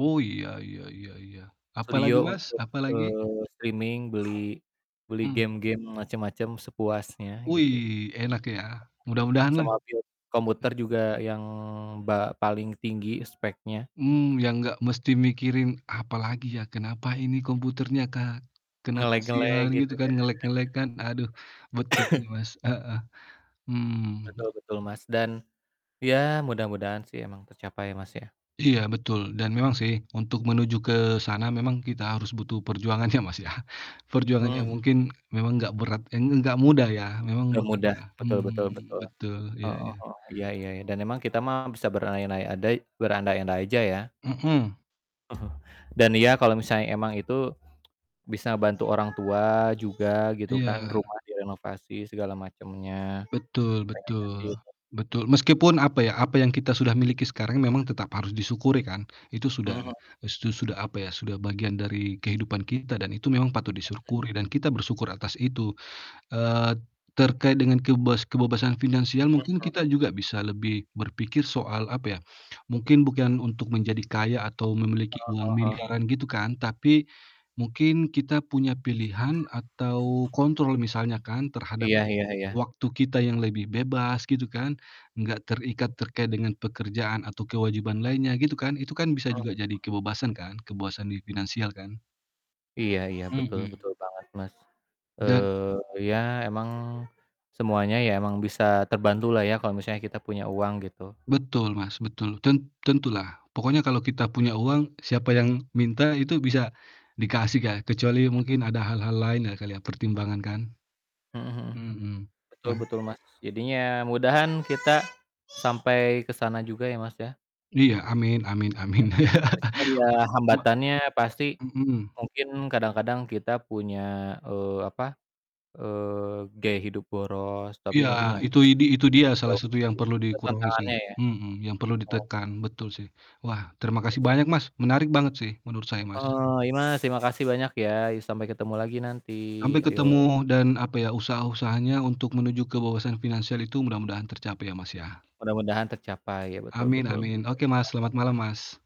Oiya, iya iya iya. Apalagi Studio Mas, untuk, apalagi? eee, streaming, beli beli Mhm. game-game, macem-macem, sepuasnya gitu. Wih, enak ya, mudah-mudahan lah. Sama build Mhm. komputer juga yang ba paling tinggi speknya. Mmm, yang nggak mesti mikirin, "Apalagi ya? Kenapa ini komputernya, Kak?" Karena kasian Nge-lag-nge-lag gitu gitu kan, ya. nge-lag-nge-lag kan. Aduh betul sih Mas, heeh. Hmm. Betul betul, Mas. Dan ya mudah-mudahan sih emang tercapai sih Mas ya. Iya, betul. Dan memang sih, untuk menuju ke sana memang kita harus butuh perjuangan ya Mas ya, perjuangan Mhm yang mhm. mungkin memang nggak berat eh, nggak mudah ya, memang Enggak berat mudah, lah. betul betul Hmm. betul. Betul, iya Heeh iya. heeh. Iya iya, dan emang kita mah bisa beranaiaiadai berandai-andai aja ya. Mhm. Dan ya, kalo misalnya emang itu, bisa ngebantu orang tua juga gitu kan, Iya. rumah direnovasi segala macemnya. Betul Pengen ngasih betul. untuk Betul, meskipun, apa ya, apa yang kita sudah miliki sekarang memang tetap harus disyukuri kan, itu sudah Mhm mhm. su sudah apa ya, sudah bagian dari kehidupan kita, dan itu memang patut Mhm. disyukuri dan kita bersyukur atas itu, eee, terkait dengan keibas kebebasan finansial mungkin Mhm. kita juga bisa lebih berpikir soal, apa ya, mungkin bukan untuk menjadi kaya atau memiliki Heeh uang heeh heeh. miliaran gitu kan, tapi mungkin kita punya pilihan atau kontrol misalnya kan terhadap Iya iya iya. waktu kita yang lebih bebas gitu kan, nggak terikat terkait dengan pekerjaan atau kewajiban lainnya gitu kan, itu kan bisa Mhm juga jadi mhm. kebebasan kan? Kebebasan di finansial kan? Iya iya, betul Mhm. betul banget, Mas. Dan Eee, ya emang semuanya ya emang bisa terbantu lah ya kalau misalnya kita punya uang gitu. Betul Mas, betul. Ten tentulah. Pokoknya kalau kita punya uang, siapa yang minta itu bisa dikasih ya, kecuali Mmm. mungkin ada hal-hal lain ya kali ya, pertimbangan kan. Mhm mhm. Mhm. Betul Wah. betul Mas jadinya mudahan kita sampai ke sana juga ya Mas ya. Iya. Amin amin amin. Meskipun ya Ba hambatannya pasti Mhm. mungkin kadang-kadang kita punya, eee, apa, eee, gaya hidup boros, tapi Iya, mungkin ya itu idi itu dia salah satu dijauhkan yang sih. perlu Itu dikurangi sih. tantangannya ya. Mhm, yang perlu Mhm. ditekan. Betul sih. Wah terima kasih banyak Mas, menarik banget sih menurut saya, Mas. Eee, iya Mas, terima kasih banyak ya, sampai ketemu lagi nanti, Sampai ketemu yok. dan, apa ya, usaha-usahanya untuk menuju ke wawasan finansial itu mudah-mudahan tercapai ya Mas ya. Mudah-mudahan tercapai, ya betul Amin betul. amin. Oke Mas, selamat [unintelligible] malam, Mas.